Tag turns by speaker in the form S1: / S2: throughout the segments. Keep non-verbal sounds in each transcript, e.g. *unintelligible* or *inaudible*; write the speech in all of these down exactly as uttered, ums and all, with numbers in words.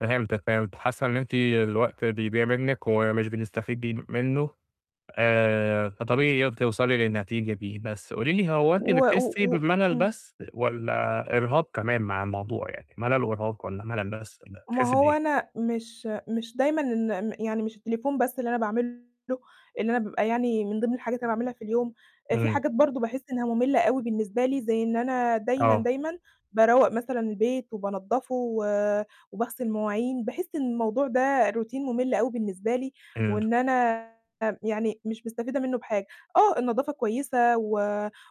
S1: فهمتِك فهِمت، حاسة إن أنتِ الوقت بيضيع مِنك ومش بنستفيجي منه آآ فطبيعي ي توصلي للنتيجة دى بس قولي لي هو
S2: و
S1: أنتِ بتحسّي
S2: و و
S1: بِمللّ
S2: امم.
S1: بس والّا إرهاق كمان مع الموضوع يعني ملل وإرهاق، والّا ملل بس والّا
S2: ما
S1: بتحسّى
S2: هو
S1: بأيه؟
S2: أنا مش مش دايمًا إن ن يعني مش التليفون بس اللي أنا باعمله إن أنا بيبقى يعني من ضمن الحاجات اللي أنا باعملها في اليوم، آآ في
S1: امم.
S2: حاجات برضه باحس إنها مُملة أوي بالنسبه لي زي إن أنا دايمًا،
S1: آه.
S2: دايمًا، باروّق مثلًا البيت وبانضفه و وباغسل المواعين. باحس إن الموضوع ده روتين مُمل أوي بالنسبه لي
S1: امم.
S2: وإن أنا يعني، مش مستفيدة منه بحاجة. آه، النضافة كويسة، و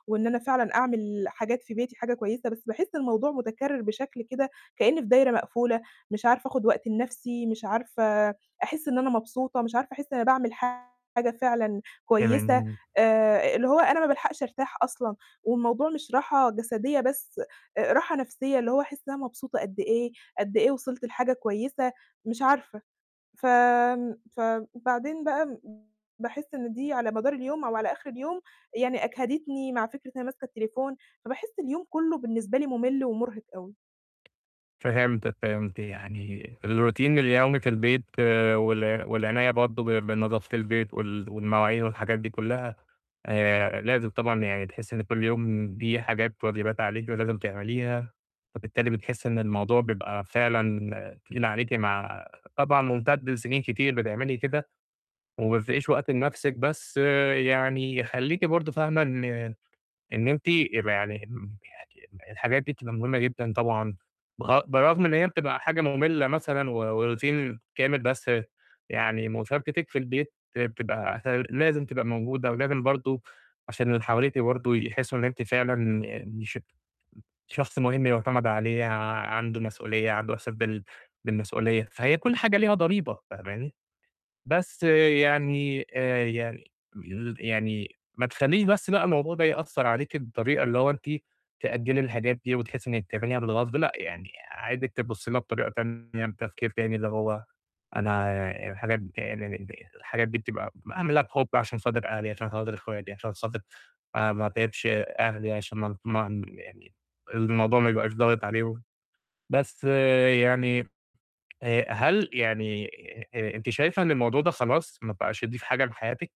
S2: وإن أنا فعلًا أعمل حاجات في بيتي حاجة كويسة. بس باحسّ الموضوع متكرر بشكل كده كأنى فى دايرة مقفولة، مش عارفة آخد وقت لنفسي، مش عارفة أحسّ إن أنا مبسوطة، مش عارفة أحس إن أنا باعمل حاجة فعلًا كويسة
S1: *unintelligible*
S2: آآ اللي هو أنا ما بالحقش أرتاح أصلًا والموضوع مش راحة جسدية بس، راحة نفسية اللي هو أحسّ إن أنا مبسوطة قد إيه، قد إيه وصلت لحاجة كويسة، مش عارفة ف ن فبعدين بقى م باحسّ إن دي على مدار اليوم أو على آخر اليوم يعني أجهدتني، مع فكرة إن أنا ماسكة التليفون، فباحس اليوم كلّه بالنسبة لي مُمل ومُرهِق أوي.
S1: فهمتِك فهِمت يعني الروتين اليومي في البيت وال والعناية برضه ب بنضافة البيت وال والمواعين والحاجات دي كلّها آآ لازم طبعًا يعني تحسّي إن كل يوم دي حاجات واجبات عليكِ ولازم تعمليها، فبالتالي بتحسّي إن الموضوع بيبقى فعلًا تقيل عليكِ مع طبعًا ممتد لسنين كتير بتعملي كده. وما فيش وقت لنفسِك بس يعني خلّيكِ برضه فاهمة إن إن أنتِ يبقى يعني ال يعني الحاجات دي بتبقى مهمة جدًا. طبعًا بر برغم إن هي بتبقى حاجة مُملّة مثلًا، و و روتين كامل بس يعني مشاركتِك في البيت بتبقى *unintelligible* لازم تبقى موجودة ولازم برضه عشان اللى حواليكِ برضه يحسّوا إن أنتِ فعلًا م مش شخص مهم يُعتمد عليه ع عنده مسؤولية عنده أحساس بال بالمسؤولية فهي كل حاجة ليها ضريبة فاهماني. بس يعني آآ يعني *unintelligible* يعني ما تخليش بس بقى الموضوع ده يأثّر عليكِ بالطريقة اللي هو أنتِ تأجلي الحاجات دي وتحسّي إنِك تعمليها بالغصب لأ، يعني عايزِك تبصي لها بطريقة تانية بتفكير تاني اللي هو أنا، الحاجات *unintelligible* الحاجات دي بتبقى ب اعملها بِحُب عشان خاطر اهلى عشان خاطر اخواتي عشان خاطر ما ما أتعِبش أهلي عشان ما ما يعني الموضوع ما يبقاش ضاغط عليه و بس يعني آآ هل يعني آآ أنتِ شايفة إن الموضوع ده خلاص ما بقاش يضيف حاجة لحياتِك.